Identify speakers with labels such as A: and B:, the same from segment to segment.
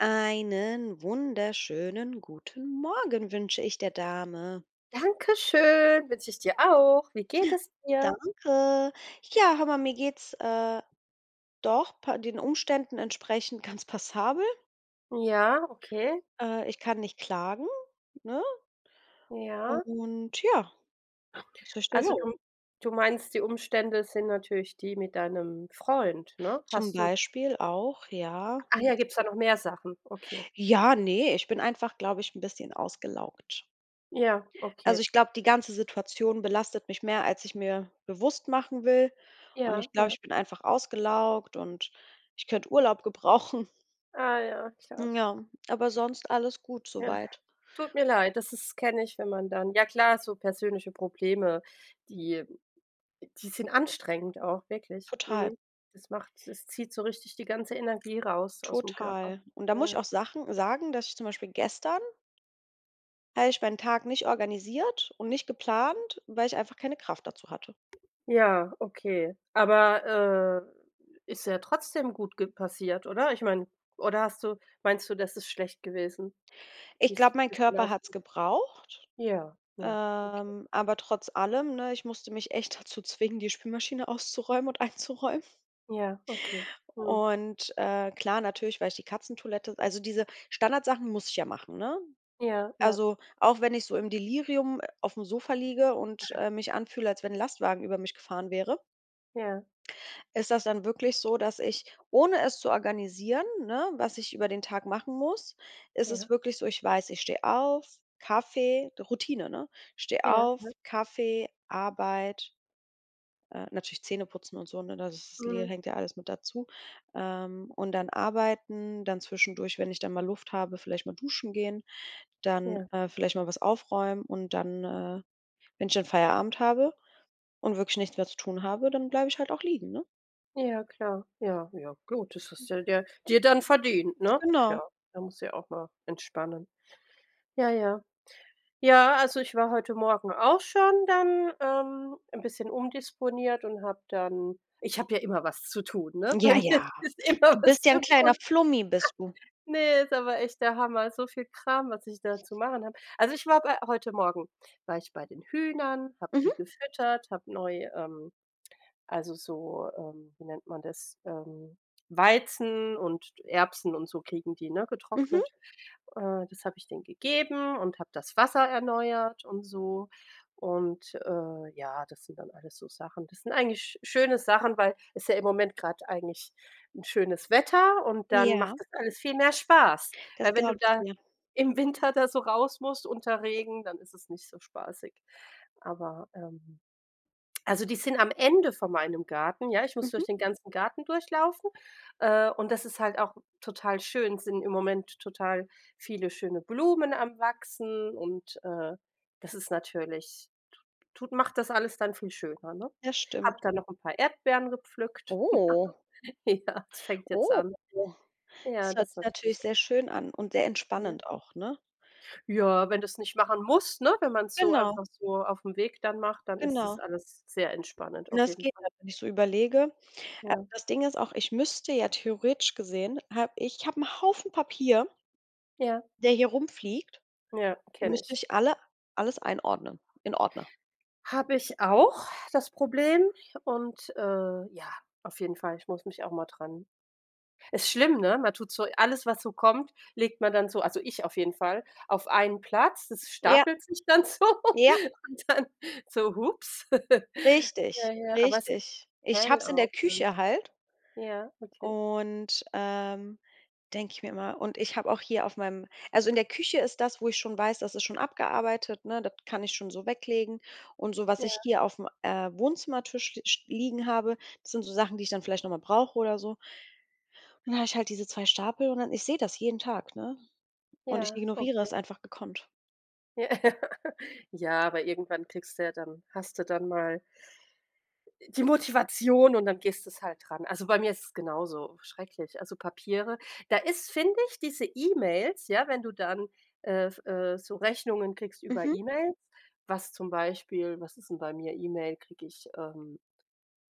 A: Einen wunderschönen guten Morgen wünsche ich der Dame.
B: Dankeschön, wünsch ich dir auch. Wie geht es dir?
A: Danke. Ja, hör mal, mir geht's, äh, doch pa den Umständen entsprechend ganz passabel.
B: Ja, okay.
A: Äh, ich kann nicht klagen, ne?
B: Ja.
A: Und ja,
B: Also du
A: [unintelligible]
B: m du meinst, die Umstände sind natürlich die mit deinem Freund, ne?
A: Zum
B: Hast du
A: Beispiel auch, ja,
B: eAch
A: und
B: ja, gibt's da noch mehr Sachen? Okay.
A: Ja, ne, ich bin einfach, glaube ich, 'n bisschen ausgelaugt.
B: Ja,
A: Also
B: okay.
A: ich glaube, die ganze Situation belastet mich mehr, als ich mir bewusst machen will. Und
B: Ja,
A: ich glaube,
B: ja.
A: ich bin einfach ausgelaugt und ich könnte Urlaub gebrauchen.
B: Ah ja, klar.
A: Ja, aber sonst alles gut so
B: Ja.
A: weit.
B: Tut mir leid, das ist kenne ich, wenn man dann ja klar, so persönliche Probleme, die die sind anstrengend auch wirklich.
A: Total.
B: Mhm, das macht das zieht so richtig die ganze Energie raus ausm Körper.
A: Total. Und da muss
B: Ja,
A: ich
B: ja.
A: auch Sachen sagen, dass ich zum Beispiel gestern habe ich meinen Tag nicht organisiert und nicht geplant, weil ich einfach keine Kraft dazu hatte.
B: Ja, okay. Aber, äh, ist ja trotzdem gut ge passiert, oder? Ich meine, oder hast du meinst du, das ist schlecht gewesen,
A: Ich
B: wie's
A: glaube, mein
B: wie's
A: Körper
B: gelaufen
A: hat's
B: ist?
A: gebraucht,
B: Ja, ja, okay.
A: ähm, aber trotz allem, ne, ich musste mich echt dazu zwingen, die Spülmaschine auszuräumen und einzuräumen.
B: Ja, okay. Mhm.
A: Und, äh, klar, natürlich weil ich die Katzentoilette also diese Standardsachen muss ich ja machen, ne?
B: Ja, ja.
A: Also, auch wenn ich so im Delirium aufm Sofa liege und, äh, mich anfühle, als wenn 'n Lastwagen über mich gefahren wäre
B: Ja.
A: ist das dann wirklich so, dass ich, ohne es zu organisieren, ne, was ich über den Tag machen muss, ist es
B: Ja.
A: wirklich so, ich weiß, ich steh auf, Kaffee Routine, ne? Steh
B: Ja,
A: auf,
B: ne?
A: Kaffee, Arbeit äh, natürlich Zähneputzen und so, ne? Das ist le
B: Mhm.
A: hängt ja alles mit dazu. Ähm, und dann arbeiten, dann zwischendurch, wenn ich dann mal Luft habe, vielleicht mal duschen gehen, dann,
B: Ja.
A: äh, vielleicht mal was aufräumen und dann, äh, wenn ich dann Feierabend habe und wirklich nichts mehr zu tun habe, dann bleibe ich halt auch liegen, ne?
B: Ja, klar, ja, ja. Gut, das hast du dir dir dann verdient, ne?
A: Genau.
B: Klar, man muss ja auch mal entspannen. Ja, ja. Ja, also ich war heute Morgen auch schon dann, ähm, 'n bisschen umdisponiert und habe dann ich habe ja immer was zu tun, ne? Bei
A: Ja,
B: mir
A: ja.
B: ist immer
A: Du
B: was
A: bist ja
B: zu
A: 'n kleiner
B: tun.
A: Flummi, bist du.
B: Ne, ist aber echt der Hammer, so viel Kram, was ich da zu machen habe. Also ich war bei heute Morgen war ich bei den Hühnern, habe die
A: Mhm.
B: gefüttert, habe neu, ähm also so, ähm wie nennt man das, ähm, Weizen und Erbsen und so kriegen die, ne,
A: Mhm.
B: getrocknet. Äh, das habe ich denen gegeben und habe das Wasser erneuert und so. Und, äh, ja, das sind dann alles so Sachen das sind eigentlich sch schöne Sachen, weil ist ja im Moment grad eigentlich 'n schönes Wetter und dann macht
A: Ja.
B: das alles viel mehr Spaß.
A: Das
B: Weil, wenn du
A: glaub ich
B: da
A: dir.
B: im Winter da so raus musst unter Regen, dann ist es nicht so spaßig. Aber, ähm also die sind am Ende von meinem Garten, ja, ich muss durch
A: Mhm.
B: den ganzen Garten durchlaufen, äh, und das ist halt auch total schön. Sind im Moment total viele schöne Blumen am Wachsen und, äh, das ist natürlich tu tut macht das alles dann viel schöner, ne?
A: Das
B: Habe
A: stimmt.
B: da noch 'n paar Erdbeeren gepflückt.
A: Oh.
B: Ja. fängt jetzt
A: Oh,
B: an. Ja,
A: das hört
B: das
A: sich
B: natürlich
A: natürlich sehr schön an und sehr
B: Ja.
A: entspannend auch, ne?
B: Ja, wenn du's nicht machen musst, ne? Wenn man's so
A: Genau.
B: einfach so aufm Weg dann macht, dann ist das
A: Genau.
B: alles sehr entspannend,
A: Na,
B: auf
A: es
B: jeden
A: geht
B: Fall.
A: halt, wenn ich so überlege. Äh,
B: Ja.
A: das Ding ist auch, ich müsste ja theoretisch gesehen hab ich habe 'n Haufen Papier
B: Ja.
A: der hier rumfliegt,
B: Ja,
A: die
B: kenne
A: müsste
B: ich.
A: ich alle alles einordnen in Ordner.
B: Habe ich auch, das Problem und, äh, ja, auf jeden Fall, ich muss mich auch mal dran ist schlimm, ne? Man tut so alles, was so kommt, legt man dann so, also ich auf jeden Fall, auf einen Platz. Das
A: Ja.
B: stapelt sich dann so
A: Ja.
B: und dann so ups. Ja,
A: Richtig,
B: ja, aber es geht
A: richtig. Ich habe
B: hell
A: es in der
B: auf dann.
A: Küche halt
B: Ja, okay.
A: und, ähm, denke ich mir immer und ich habe auch hier auf meinem also in der Küche ist das, wo ich schon weiß, das ist schon abgearbeitet, ne? Das kann ich schon so weglegen und so was ich
B: Ja.
A: hier aufm, äh, Wohnzimmertisch ste sch liegen habe, das sind so Sachen, die ich dann vielleicht noch mal brauche oder so. Und dann habe ich halt diese 2 Stapel und dann ich sehe das jeden Tag, ne? Und ich
B: Ja,
A: ignoriere das
B: okay.
A: einfach gekonnt.
B: Ja. Ja, aber irgendwann kriegst du ja dann hast du dann mal e...die Motivation und dann gehst du's halt ran. Also bei mir ist es genauso schrecklich, also Papiere da ist, finde ich, diese E-Mails, ja, wenn du dann, äh, f äh, so Rechnungen kriegst über
A: Mhm.
B: E-Mails, was zum Beispiel was ist denn bei mir? E-Mail, kriege ich, ähm,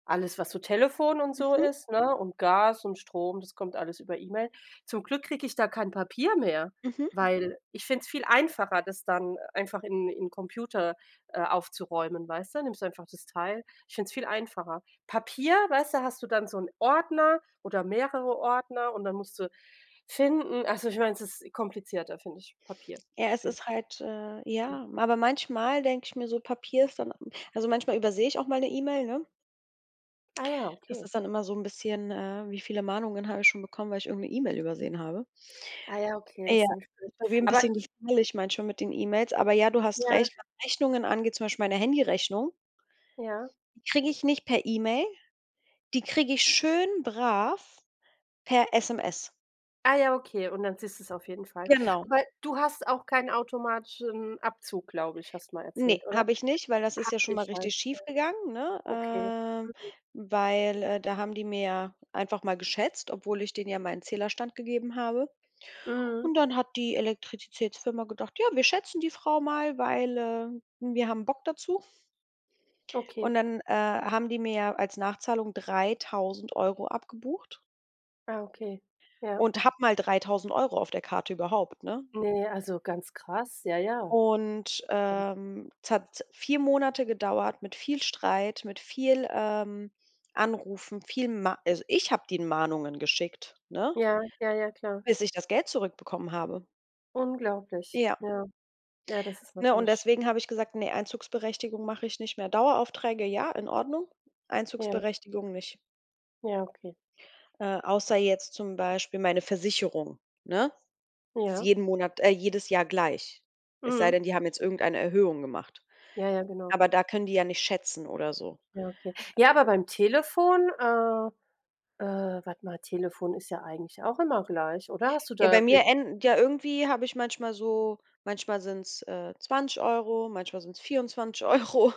B: alles, was so Telefon und so
A: Mhm.
B: ist, ne? Und Gas und Strom, das kommt alles über E-Mail. Zum Glück kriege ich da kein Papier mehr,
A: Mhm.
B: weil ich finde es viel einfacher, das dann einfach in im Computer, äh, aufzuräumen, weißt du, nimmst du einfach das Teil ich finde es viel einfacher. Papier, weißt du, hast du dann so 'n Ordner oder mehrere Ordner und dann musst du finden. Also, ich mein, es ist komplizierter, finde ich, Papier,
A: Ja, es
B: find
A: ist halt äh, ja aber manchmal denke ich mir so, Papier ist dann m also manchmal übersehe ich auch mal 'ne E-Mail, ne?
B: Ah ja,
A: Das
B: okay.
A: ist dann immer so 'n bisschen, äh wie viele Mahnungen habe ich schon bekommen, weil ich irgend 'ne E-Mail übersehen habe.
B: Ah ja, okay, das
A: Ja.
B: ist dann natürlich blöd.
A: Ist bei mir 'n
B: Aber
A: bisschen
B: i
A: gefährlich manchmal mit den E-Mails, aber ja, du hast
B: Ja.
A: recht, was Rechnungen angeht, zum Beispiel meine Handyrechnung
B: Ja.
A: die kriege ich nicht per E-Mail, die kriege ich schön brav per SMS.
B: Ah ja, okay und dann siehst du's auf jeden Fall.
A: Genau.
B: Aber du hast auch keinen automatischen Abzug, glaube ich, hast mal
A: Ne,
B: erzählt, oder?
A: habe ich nicht, weil das ist
B: Habe
A: ja schon mal
B: ich
A: richtig
B: halt. Ja.
A: schief gegangen, ne
B: Okay.
A: ähm,
B: Mhm.
A: weil, äh, da haben die mir ja einfach mal geschätzt, obwohl ich denen ja meinen Zählerstand gegeben habe. Und
B: Mhm.
A: dann hat die Elektrizitätsfirma gedacht: „Ja, wir schätzen die Frau mal, weil, äh, wir haben Bock dazu.“
B: Okay.
A: Und dann, äh, haben die mir ja als Nachzahlung 3.000 € abgebucht
B: Ah, okay. Ja.
A: und habe mal 3000 € auf der Karte überhaupt, ne?
B: Ne, also ganz krass, ja, ja.
A: Und, ähm, es hat 4 Monate gedauert mit viel Streit, mit viel, ähm, Anrufen, viel Ma also ich habe denen Mahnungen geschickt, ne?
B: Ja. Ja, ja, klar.
A: Bis ich das Geld zurückbekommen habe.
B: Unglaublich,
A: Ja.
B: ja. Ja, das ist
A: Ja, und
B: natürlich
A: deswegen habe ich gesagt: „Ne, Einzugsberechtigung mache ich nicht mehr.“ Daueraufträge, ja, in Ordnung.
B: Ja.
A: Einzugsberechtigung nicht.
B: Ja, okay.
A: Äh, außer jetzt zum Beispiel meine Versicherung, ne? Ist
B: Ja.
A: jeden Monat äh, jedes Jahr gleich. Es sei
B: Mhm.
A: denn, die haben jetzt irgendeine Erhöhung gemacht,
B: Ja, ja, genau.
A: aber da können die ja nicht schätzen oder so.
B: Ja, okay. Ja, aber beim Telefon, äh, äh warte mal, Telefon ist ja eigentlich auch immer gleich oder hast du
A: Ja, bei
B: da. [unintelligible]
A: mir änd ja irgendwie habe ich manchmal so manchmal sind's äh 20 €, manchmal sind's 24 €.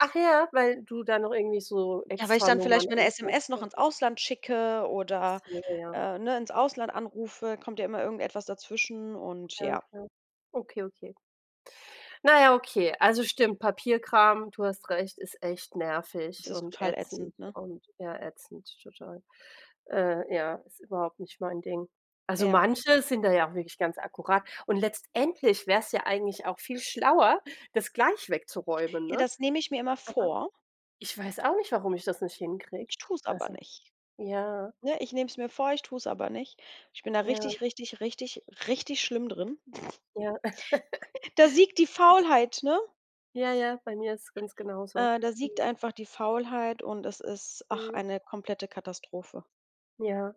B: Ach ja, weil du da noch irgendwie so
A: Ja, weil ich dann vielleicht
B: Extranummern
A: mal 'ne
B: anrufst
A: SMS noch
B: oder
A: ins
B: so?
A: Ausland schicke
B: Ach
A: oder
B: so, ja.
A: äh, ne, ins Ausland anrufe, kommt ja immer irgendetwas dazwischen und
B: Ja,
A: ja.
B: klar. Okay, okay. Naja, okay. Also stimmt, Papierkram,- du hast recht- ist echt nervig
A: Es ist
B: und
A: total
B: ätzend
A: ätzend, ne?
B: und ja, ätzend, total. Äh, ja, ist überhaupt nicht mein Ding. Also,
A: Ja.
B: manche sind da ja auch wirklich ganz akkurat und letztendlich wäre es ja eigentlich auch viel schlauer, das gleich wegzuräumen,
A: Ja,
B: ne,
A: das nehme ich mir immer
B: aber
A: vor.
B: ich weiß auch nicht, warum ich das nicht hinkriege.
A: Ich tue es aber
B: Also,
A: nicht,
B: ja.
A: ne, ich nehme es mir vor, ich tue es aber nicht. Ich bin da
B: Ja.
A: richtig, richtig, richtig, richtig schlimm drin.
B: Ja,
A: Da siegt
B: ja.
A: die Faulheit, ne?
B: Ja, ja, bei mir ist es ganz genauso,
A: Äh, da siegt
B: mhm.
A: einfach die Faulheit und es ist, ach,
B: Mhm.
A: eine komplette Katastrophe.
B: Ja.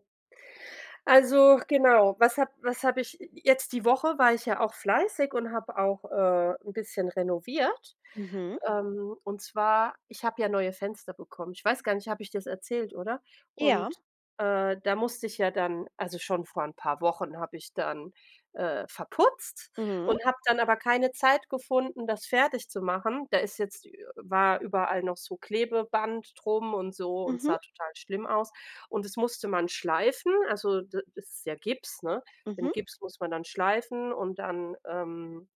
B: Also genau, was habe was habe ich jetzt die Woche war ich ja auch fleißig und habe auch, äh, 'n bisschen renoviert,
A: Mhm.
B: ähm, und zwar, ich habe ja neue Fenster bekommen. Ich weiß gar nicht, habe ich dir das erzählt, oder?
A: Ja.
B: Und, äh, da musste ich ja dann also, schon vor 'n paar Wochen habe ich dann, äh, verputzt
A: Mhm.
B: und habe dann aber keine Zeit gefunden, das fertigzumachen. Da ist jetzt ü war überall noch so Klebeband drum und so und
A: Mhm.
B: sah total schlimm aus. Und es musste man schleifen, also da das ist ja Gips, ne? Den
A: Mhm.
B: Gips muss man dann schleifen und dann ähm,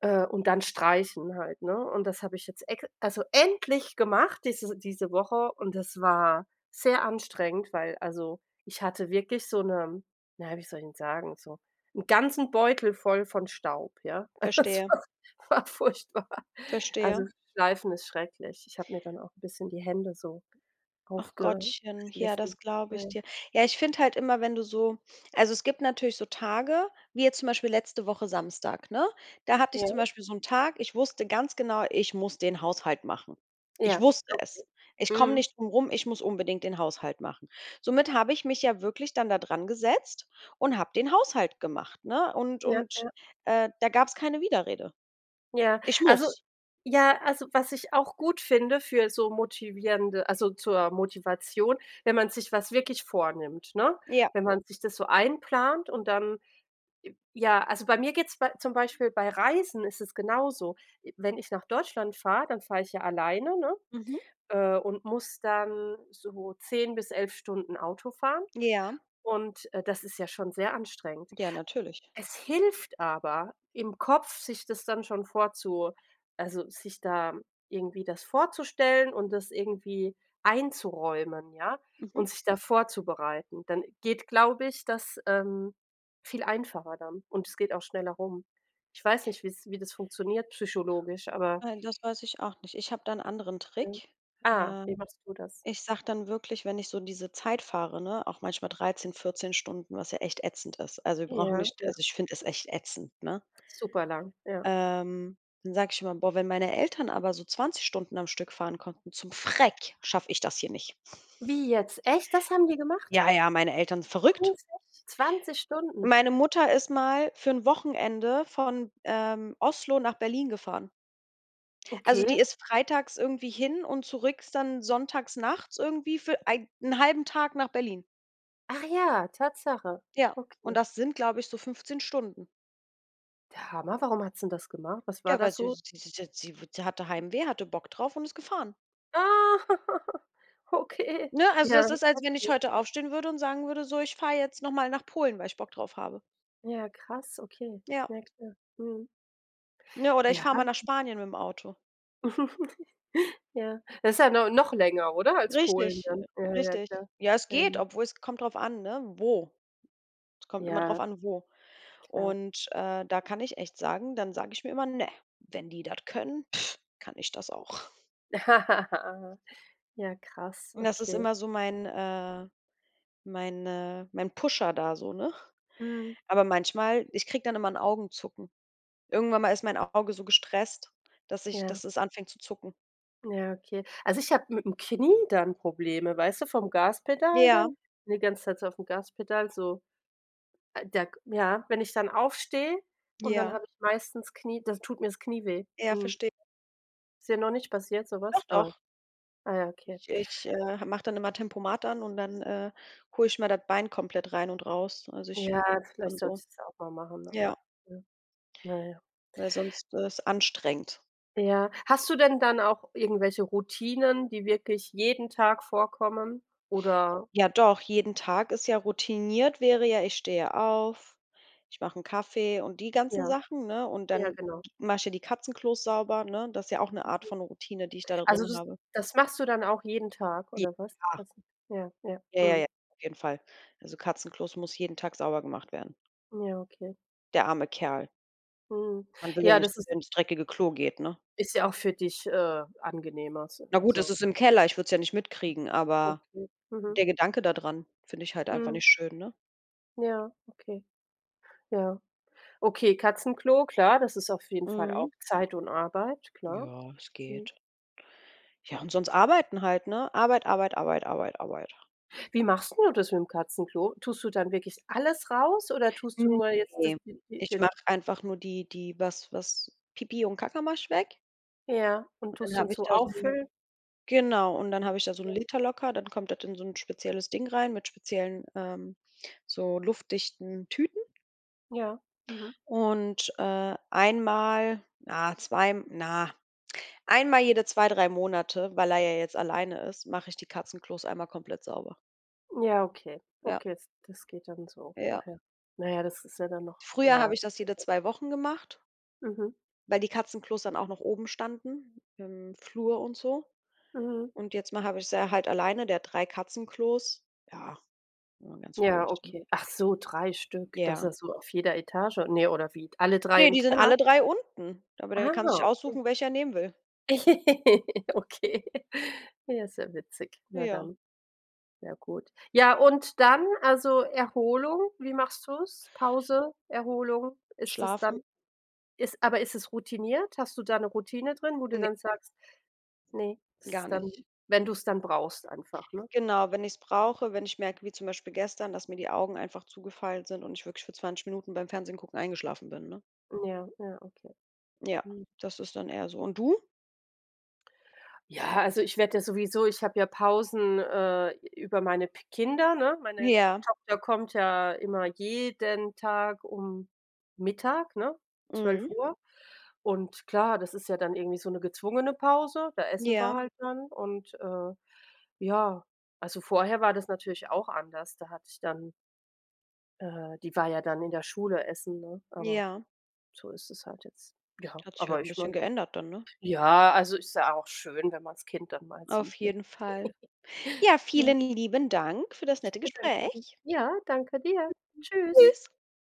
B: äh, und dann streichen halt, ne? Und das habe ich jetzt ex also endlich gemacht diese diese Woche und das war sehr anstrengend, weil also ich hatte wirklich so 'ne na ja, wie soll ich denn sagen, so 'n ganzen Beutel voll von Staub, ja? Es
A: Verstehe.
B: war s war furchtbar. Also,
A: Verstehe.
B: Schleifen ist schrecklich. Ich habe mir dann auch 'n bisschen die Hände so
A: Ach Gottchen, ja,
B: aufgeschliffen,
A: das glaube ich
B: ne?
A: dir. Ja, ich finde halt immer, wenn du so also es gibt natürlich so Tage, wie jetzt zum Beispiel letzte Woche Samstag, ne, da hatte ich
B: Ja.
A: zum Beispiel so 'n Tag, ich wusste ganz genau: „Ich muss den Haushalt machen.“ Ich
B: Ja,
A: wusste
B: okay.
A: es: „Ich komme
B: Mhm.
A: nicht drum rum, ich muss unbedingt den Haushalt machen.“ Somit habe ich mich ja wirklich dann da drangesetzt und habe den Haushalt gemacht, ne? Und
B: Ja.
A: und,
B: Ja.
A: äh, da gab's keine Widerrede.
B: Ja.
A: Ich
B: Also
A: muss.
B: ja, also was ich auch gut finde für so motivierende also zur Motivation, wenn man sich was wirklich vornimmt, ne?
A: Ja.
B: Wenn man sich das so einplant und dann j ja, also bei mir geht's bei zum Beispiel bei Reisen ist es genauso, i wenn ich nach Deutschland fahre, dann fahre ich ja alleine, ne,
A: Mhm.
B: äh, und muss dann so 10 bis 11 Stunden Auto fahren
A: Ja.
B: und, äh, das ist ja schon sehr anstrengend.
A: Ja, natürlich.
B: Es hilft aber im Kopf, sich das dann schon vorzu also sich da irgendwie das vorzustellen und das irgendwie einzuräumen, ja,
A: Mhm.
B: und sich da vorzubereiten. Dann geht, glaube ich, das, ähm, viel einfacher dann und es geht auch schneller rum. Ich weiß nicht, wie's wie das funktioniert psychologisch, aber
A: Nein, das weiß ich auch nicht. Ich habe da 'n anderen Trick.
B: Ah,
A: Ähm,
B: wie machst du das?
A: ich sage dann wirklich, wenn ich so diese Zeit fahre, ne, auch manchmal 13, 14 Stunden, was ja echt ätzend ist. Also wir brauchen
B: Ja.
A: nicht
B: Ja.
A: also ich find es echt ätzend, ne?
B: Super lang, ja.
A: Ähm, dann sage ich immer, boah, wenn meine Eltern aber so 20 Stunden am Stück fahren konnten zum Schreck, schaffe ich das hier nicht.
B: Wie jetzt? Echt, das haben die gemacht?
A: Ja, ja, meine Eltern sind verrückt.
B: 20, 20 Stunden?
A: Meine Mutter ist mal für 'n Wochenende von, ähm, Oslo nach Berlin gefahren. Also
B: Okay.
A: die ist freitags irgendwie hin und zurück ist dann sonntags nachts irgendwie für ei 1/2 Tag nach Berlin.
B: Ach ja, Tatsache,
A: Ja, und
B: okay.
A: das sind, glaube ich, so 15 Stunden.
B: Der Hammer, warum hat sie denn das gemacht? Was war
A: Ja, weil
B: das
A: sie
B: so
A: sie sie sie sie wu sie hatte Heimweh, hatte Bock drauf und ist gefahren.
B: Ah. Okay,
A: Ne, also
B: ja
A: das
B: heftig,
A: ist, als wenn ich
B: heftig.
A: heute aufstehen würde und sagen würde: „So, ich fahre jetzt nochmal nach Polen, weil ich Bock drauf habe.“
B: Ja krass, okay.
A: Ja.
B: Ja klar, mhm.
A: Ne, oder ich
B: Ja.
A: fahre mal nach Spanien mit dem Auto.
B: Ja. Das halt no noch länger, oder als Polen
A: Richtig,
B: dann? Ja, ja, ja
A: richtig.
B: klar.
A: Ja, es geht,
B: [unintelligible]
A: obwohl es kommt drauf an, ne, wo. Es kommt immer drauf
B: Ja.
A: an, wo.
B: Klar.
A: Und, äh, da kann ich echt sagen, dann sage ich mir immer: „Ne, wenn die das können, kann ich das auch.“
B: Ja, krass,
A: Und das ist
B: okay.
A: immer so mein, äh mein, äh mein Pusher da so, ne?
B: Mhm.
A: Aber manchmal ich kriege dann immer 'n Augenzucken. Irgendwann mal ist mein Auge so gestresst, dass ich
B: Ja.
A: dass es anfängt zu zucken.
B: Ja, okay. Also ich habe mit dem Knie dann Probleme, weißt du, vom Gaspedal
A: Ja.
B: dann, ne, ganze Zeit so auf 'm Gaspedal so äh, da k ja, wenn ich dann aufstehe und dann
A: Ja.
B: habe ich meistens Knie dann tut mir das Knie weh,
A: Ja,
B: mhm.
A: verstehe.
B: Ist dir noch nicht passiert,
A: Doch
B: sowas, aber
A: doch.
B: ah, ja, okay.
A: Ich ich, äh, ha mach dann immer Tempomat an und dann, äh, hole ich mal das Bein komplett rein und raus. Also ich
B: Ja,
A: [unintelligible] dann
B: vielleicht sollte
A: so.
B: ich das ja auch mal machen,
A: Ja,
B: aber, ja. Na ja.
A: weil sonst ist anstrengend.
B: Ja. Hast du denn dann auch irgendwelche Routinen, die wirklich jeden Tag vorkommen, oder?
A: Ja, doch, jeden Tag ist ja routiniert wäre ja, ich stehe auf, ich mache 'n Kaffee und die ganzen
B: Ja.
A: Sachen, ne, und
B: Ja,
A: dann
B: genau.
A: mache ich ja die Katzenklos sauber, ne? Das ja auch 'ne Art von Routine, die ich da
B: Also
A: drin
B: das
A: habe.
B: das machst du dann auch jeden Tag
A: [unintelligible]
B: oder was die
A: Ja.
B: Katzen ja, ja,
A: Ja, ja,
B: mhm.
A: ja, auf jeden Fall. Also Katzenklos muss jeden Tag sauber gemacht werden.
B: Ja, okay.
A: Der arme Kerl.
B: Mhm,
A: Man will ja
B: ja,
A: nicht,
B: das
A: dass
B: ist
A: er ins dreckige Klo geht, ne?
B: ist ja auch für dich, äh, angenehmer,
A: Na
B: [unintelligible]
A: gut, das
B: also.
A: ist im Keller, ich würd's ja nicht mitkriegen, aber
B: Okay, mhm.
A: der Gedanke da dran finde ich halt einfach
B: Mhm.
A: nicht schön, ne?
B: Ja, okay. Ja. Okay, Katzenklo klar, das ist auf jeden Fall
A: Mhm.
B: auch Zeit und Arbeit, klar.
A: Ja, es
B: Mhm.
A: geht. Ja, und sonst arbeiten halt, ne? Arbeit, Arbeit, Arbeit, Arbeit, Arbeit.
B: Wie machst 'n du das mitm Katzenklo? Tust du dann wirklich alles raus oder tust du
A: Hm,
B: nur jetzt das
A: ne,
B: die die
A: ich
B: den
A: mache einfach nur die die was was Pipi und Kacka mache ich weg.
B: Ja, und
A: Und
B: tust
A: dann
B: dann
A: habe ich
B: so
A: da so
B: auffüllen?
A: genau, und dann habe ich da so 'n
B: Ja.
A: Liter locker, dann kommt das in so 'n spezielles Ding rein mit speziellen ähm, so luftdichten Tüten.
B: Ja, mhm.
A: Und, äh, einmal na, zwei na einmal jede 2, 3 Monate, weil er ja jetzt alleine ist, mache ich die Katzenklos einmal komplett sauber.
B: Ja, okay.
A: Ja.
B: Okay, jetzt das geht dann so.
A: Ja.
B: Okay. Na ja, das ist ja dann noch,
A: Früher
B: ja.
A: habe ich das jede
B: [unintelligible]
A: 2 Wochen gemacht
B: Mhm.
A: weil die Katzenklos dann auch noch oben standen im Flur und so.
B: Mhm.
A: Und jetzt mache habe ich sie ja halt alleine, der hat 3 Katzenklos. Ja, immer ganz
B: Ja,
A: ruhig, ne?
B: okay. Ach so, 3 Stück. Das
A: Ja.
B: hast du auf jeder Etage? Ne oder wie? Alle 3
A: Ne,
B: im
A: die sind alle
B: Keller?
A: 3 unten, aber der
B: Ah,
A: kann sich
B: okay.
A: aussuchen, welcher er nehmen will.
B: Okay. Ja, ist ja witzig. Na
A: Ja.
B: dann. Sehr gut. Ja, und dann, also Erholung, wie machst du's? Pause, Erholung, ist es dann
A: Schlafen.
B: ist aber ist es routiniert? Hast du da 'ne Routine drin, wo du
A: Ne.
B: dann sagst ne. Ist
A: Gar
B: es dann
A: nicht.
B: wenn du's dann brauchst einfach, ne?
A: Genau, wenn ich's brauche, wenn ich merke, wie zum Beispiel gestern, dass mir die Augen einfach zugefallen sind und ich wirklich für 20 Minuten beim Fernsehen gucken eingeschlafen bin, ne?
B: Ja, ja, okay.
A: Ja,
B: Hm.
A: das ist dann eher so. Und du?
B: Ja, also ich werde ja sowieso ich habe ja Pausen, äh, über meine p Kinder, ne, meine
A: Ja.
B: Tochter kommt ja immer jeden Tag um Mittag, ne, zwölf
A: Mhm.
B: Uhr. Und klar, das ist ja dann irgendwie so 'ne gezwungene Pause, da essen wir
A: Ja.
B: halt dann und, äh, ja, also vorher war das natürlich auch anders, da hatte ich dann äh, die war ja dann in der Schule essen, ne, aber,
A: Ja.
B: so ist es halt jetzt. Ja,
A: Hat sich halt
B: aber
A: 'n
B: ich
A: bisschen
B: meine
A: geändert dann, ne?
B: ja, also ist ja auch schön, wenn man's Kind dann mal
A: Auf
B: sieht, ne?
A: jeden Fall. Ja,
B: Ja.
A: vielen lieben Dank für das
B: Ich
A: nette
B: bedanke mich.
A: Gespräch.
B: Ja, danke dir.
A: [unintelligible]
B: Tschüss.
A: Tschüss.